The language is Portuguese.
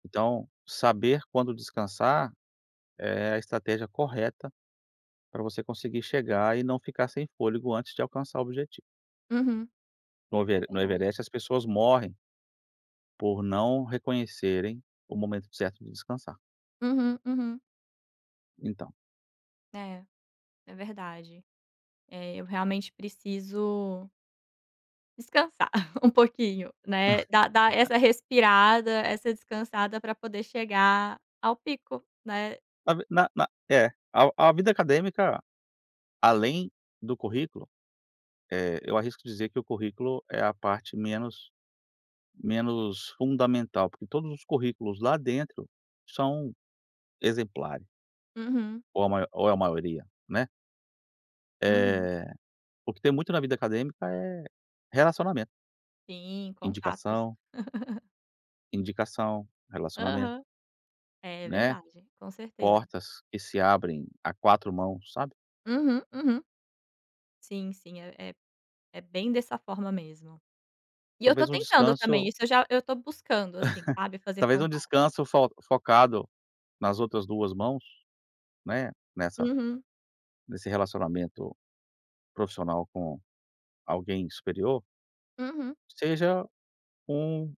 Então, saber quando descansar, é a estratégia correta para você conseguir chegar e não ficar sem fôlego antes de alcançar o objetivo. Uhum. No É Evere no verdade. Everest as pessoas morrem por não reconhecerem o momento certo de descansar. Uhum, uhum. Então. É, é verdade. É, eu realmente preciso descansar um pouquinho, né, dar dar essa respirada, essa descansada, para poder chegar ao pico, né. Na v na na é, ao a vida acadêmica, além do currículo, eh, eu arrisco dizer que o currículo é a parte menos menos fundamental, porque todos os currículos lá dentro são exemplares. Uhum. Ou a mai ou a maioria, né. Uhum. Eh, o que tem muito na vida acadêmica é relacionamento. Sim, contatos. Indicação. Indicação, relacionamento. Aham. É, é Né, verdade, com certeza. portas que se abrem a 4 mãos, sabe. Uhum, uhum. Sim, sim, é é é bem dessa forma mesmo. E eu estou Talvez um tentando também, descanso isso eu já eu estou buscando, assim, sabe, fazer Talvez um contato. descanso fo focado nas outras 2 mãos, né, nessa Uhum. nesse relacionamento profissional com alguém superior Uhum. seja um